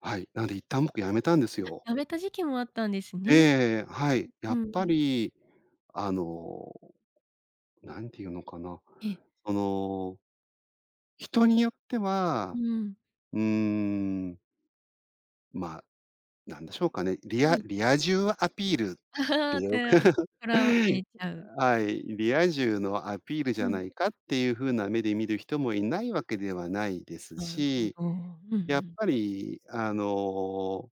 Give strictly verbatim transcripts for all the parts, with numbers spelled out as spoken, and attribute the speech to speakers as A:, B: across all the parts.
A: はい。なんで一旦僕辞めたんですよ。
B: あ、辞めた時期もあったんですね。
A: ええ、はい。や
B: う
A: っぱ
B: ん。
A: りあの、なんていうのかな、
B: ええ。
A: その人によって
B: う
A: は、
B: ん。
A: うーん。まあ、なんでしょうかね、リ
B: は
A: ア
B: い。
A: リア充アピールって よく
B: て とらをいれちゃう。
A: はい、リア充のアピールじ
B: う
A: ゃな
B: ん。
A: いかっていう風な目で見る人もいないわけではないです
B: なるほ
A: し、
B: ど。うんう
A: やっ
B: ん。
A: ぱりあの、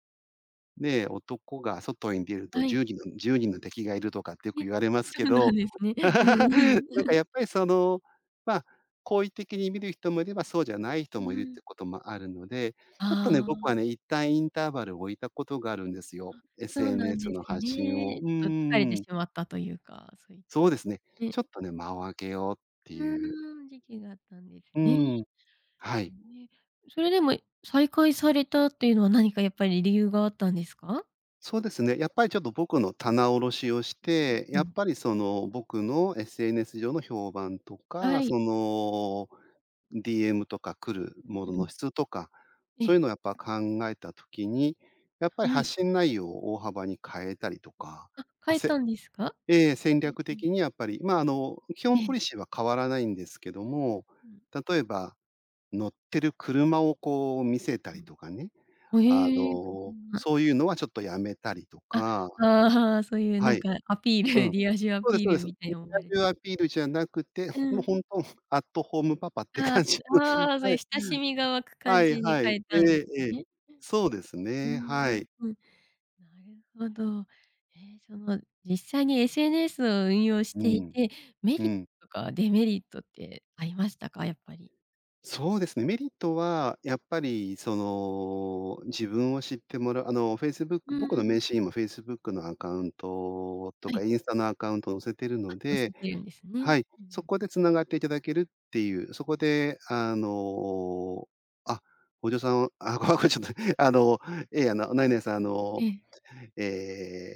A: ねえ、男が外に出ると
B: は
A: じ
B: い。
A: ゅうにんじゅうにんの敵がいるとかってよ
B: え、
A: く言われます
B: そ
A: け
B: うなん
A: ど、
B: ですね。うん
A: な
B: うん。
A: んかや っぱりその、まあ、好意的に見る人もいればそうじゃない人
B: う
A: もいるって
B: ん。
A: こともあるので、ちょっとね、
B: あ
A: 僕は
B: あ。
A: ね、一旦インターバルを置いたことがあるんですよ、
B: あ、そうなん
A: SNS
B: です
A: の発信を。
B: ね。
A: う
B: ちょっと疲れて
A: ー
B: し
A: ん。
B: まったというか、そういっ
A: そう
B: た、
A: ですね。
B: ね。
A: ちょっとね、間を開けようって
B: う
A: いう。
B: ーん、時期があったんです
A: う
B: ね。
A: ん。はい。
B: ね、それでも再開されたっていうのは何かやっぱり理由があったんですか？
A: そうですね、やっぱりちょっと僕の棚卸しをし
B: うん
A: て、
B: う
A: やっ
B: ん。
A: ぱりその、僕の SNS 上の評判とか、
B: はい。
A: その、DM とか来る
B: うん
A: もの
B: う
A: の
B: ん。
A: 質とか、
B: え
A: そう
B: え。
A: いうのやっぱ考えた時に、やっぱり
B: はい。
A: 発信内容を大幅に変えたりとか、
B: あ、
A: あ
B: 変え
A: せ
B: たんですか？
A: ええ、戦
B: うん
A: 略
B: うん。
A: 的にやっぱり、ま、あの、基本
B: え
A: ポ
B: え。
A: リシーは変わらないんですけど
B: う
A: も、
B: ーん。
A: 例えば乗ってる車をこう見せた
B: う
A: り
B: ん。
A: とかね。
B: は、
A: あ
B: ええ。
A: の、
B: 車。
A: そういうのはちょっとやめたりと
B: あ、
A: か。
B: ああ、そういうな
A: は
B: ん
A: い。
B: かアピール、
A: うん。
B: リア充ア
A: そうです
B: ピー
A: そうで
B: ル
A: す。
B: みたい
A: リ
B: に思われ
A: ア
B: てし
A: 充アピールじゃなくて、
B: う
A: もう
B: ん。
A: ほんとアットホームパパって
B: あ
A: 感じ
B: あ、
A: の。
B: ああ、そう
A: は
B: いう
A: い。
B: 親しみが湧く感
A: はい
B: じに
A: は
B: 変
A: い。
B: え
A: え
B: たんです
A: えええ。
B: ね。
A: そうです
B: うー
A: ね、は
B: ん、
A: い。
B: うん。なるほど。ええ、その実際に、SNS を運用し
A: う
B: てい
A: ん、
B: て、メ
A: う
B: リッ
A: ん。
B: トとかデメリットってありましたか？やっぱり。
A: そうですね、メリットはやっぱり、その、自分を知ってもらあの、Facebook
B: う
A: 僕の
B: ん。
A: 名刺にも Facebook のアカウント
B: は
A: とか、
B: い。
A: インスタのアカウント載せてる
B: あ、
A: の
B: 載せ
A: で
B: てるんですね。うん
A: はい、
B: う
A: そ
B: ん。
A: こでつながっていただけるっていう、そこであの、あ、ごじょさんあ、これこれはちょっとあの、ええ、あの、何々さんあ
B: え
A: の、
B: え。
A: ええ